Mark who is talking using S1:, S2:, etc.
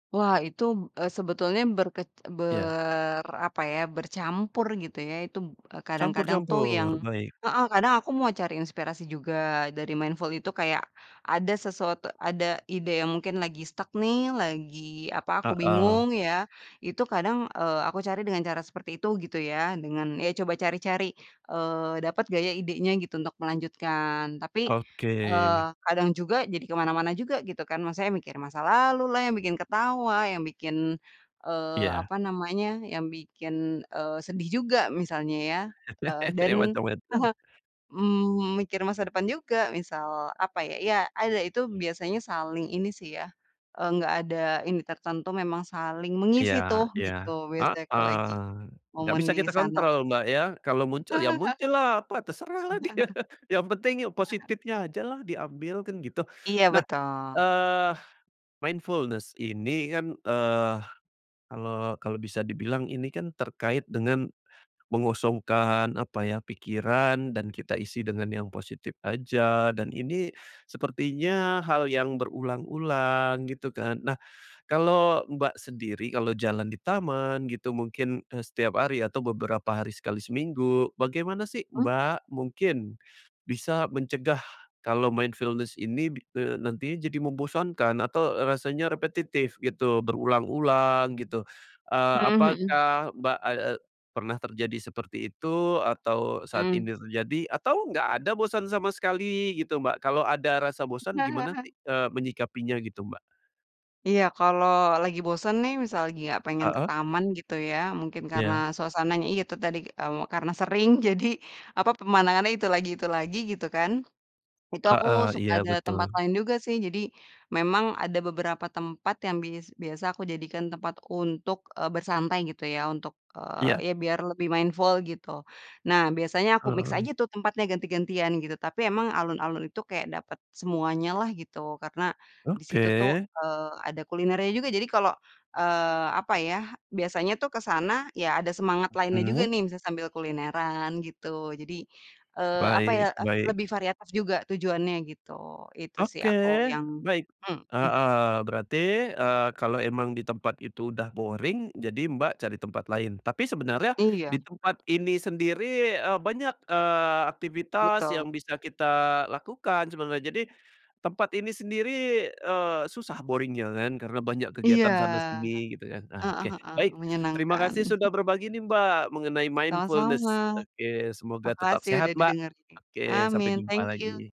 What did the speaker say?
S1: Wah, itu b eee, sebetulnya berkec
S2: Iya.
S1: ber apa ya, bercampur gitu ya. Itu b kadang-kadang tuh yang
S2: Campur-campur, baik.
S1: heeh, kadang aku mau cari inspirasi juga dari mindful itu kayak ada sesuatu ada ide yang mungkin lagi stuck nih, lagi, apa, aku
S2: Heeh.
S1: bingung ya. Itu kadang, eee, aku cari dengan cara seperti itu gitu ya, dengan ya coba cari-cari, eee, dapat nggak ya idenya gitu untuk melanjutkan tapi,
S2: Oke.
S1: eee, kadang juga jadi ke mana-mana juga gitu kan. Maksudnya mikir masa lalu lah yang bikin ketawa, yang bikin, eee,
S2: Iya.
S1: apa namanya, yang bikin, eee, sedih juga, misalnya ya, eee, dan
S2: Macem-macem.
S1: mmm, mikir masa depan juga, misal apa ya ya ada itu biasanya saling ini sih ya, eee, nggak ada ini tertentu, memang saling mengisi tuh
S2: Iya iya.
S1: gitu, biasanya kalau
S2: Heeh,
S1: lagi
S2: nggak
S1: momen
S2: bisa
S1: di
S2: kita
S1: sana. Heeh
S2: kontrol Mbak ya, kalau muncul ya muncul lah apa terserahlah dia, yang penting ya
S1: heeh. Heeh heeh.
S2: positifnya aja lah diambil, kan gitu.
S1: Iya,
S2: Nah,
S1: betul.
S2: eee, mindfulness ini kan, eee, kalau kalau bisa dibilang ini kan terkait dengan mengosongkan apa ya, pikiran dan kita isi dengan yang positif aja, dan ini sepertinya hal yang berulang-ulang, gitu kan. Nah, kalau Mbak sendiri kalau jalan di taman gitu mungkin, eee, setiap hari atau beberapa hari sekali seminggu, bagaimana sih
S1: Hmm.
S2: Mbak mungkin bisa mencegah kalau mindfulness ini bi eee, nantinya jadi membosankan? Atau, eee, rasanya repetitif gitu, berulang-ulang gitu, eee,
S1: Mhm mhm.
S2: apakah Mbak ad eee, pernah terjadi seperti itu, atau saat
S1: Mmm.
S2: ini terjadi, atau nggak ada bosan sama sekali gitu, Mbak? Kalau ada rasa bosan gimana nanti, eee, menyikapinya gitu, Mbak?
S1: Iya, kalau lagi bosen nih misal lagi gak pengen ke
S2: Heeh.
S1: taman gitu ya, mungkin karena
S2: Iya.
S1: suasananya ya itu tadi, eee, karena sering jadi, apa, pemandangannya itu lagi itu lagi, gitu kan. Itu aku
S2: Heeh,
S1: suka
S2: iya,
S1: nyari tempat
S2: betul.
S1: lain juga sih, jadi memang ada beberapa tempat yang bis biasa aku jadikan tempat untuk, eee, bersantai gitu ya untuk,
S2: Iya.
S1: eee, ya biar lebih mindful gitu. Nah, biasanya aku mix
S2: Oh.
S1: aja tuh tempatnya ganti-gantian gitu, tapi emang alun-alun itu kayak dapet semuanya lah, gitu. Karena di situ tuh,
S2: Oke.
S1: eee, ada kulinernya juga jadi kalau, eee, apa ya, biasanya tuh ke sana ya ada semangat lainnya juga
S2: Mhm.
S1: nih, bisa sambil kulineran, gitu. Jadi, eee, apa ya,
S2: Baik
S1: ef
S2: baik.
S1: lebih variatif juga tujuannya gitu, itu sih
S2: Oke,
S1: aku yang
S2: baik.
S1: mhm.
S2: Heeh, berarti, eee, kalau emang di tempat itu udah boring, jadi Mbak cari tempat lain. Tapi sebenarnya di
S1: Iya.
S2: tempat ini sendiri, eee, banyak, eee, aktivitas yang
S1: Betul.
S2: bisa kita lakukan sebenarnya. Jadi, tempat ini sendiri, eee, susah boring-nya kan, karena banyak
S1: Iya,
S2: kegiatan sana sini, gitu kan, nah
S1: heeh
S2: oke.
S1: heeh,
S2: Baik, terima
S1: menyenangkan.
S2: kasih sudah berbagi nih Mbak, mengenai
S1: Sama-sama,
S2: mindfulness. Oke, semoga tetap
S1: makasih
S2: sehat,
S1: udah
S2: Mbak.
S1: didengerin.
S2: Oke, sampai
S1: Amin,
S2: jumpa
S1: thank
S2: lagi.
S1: you.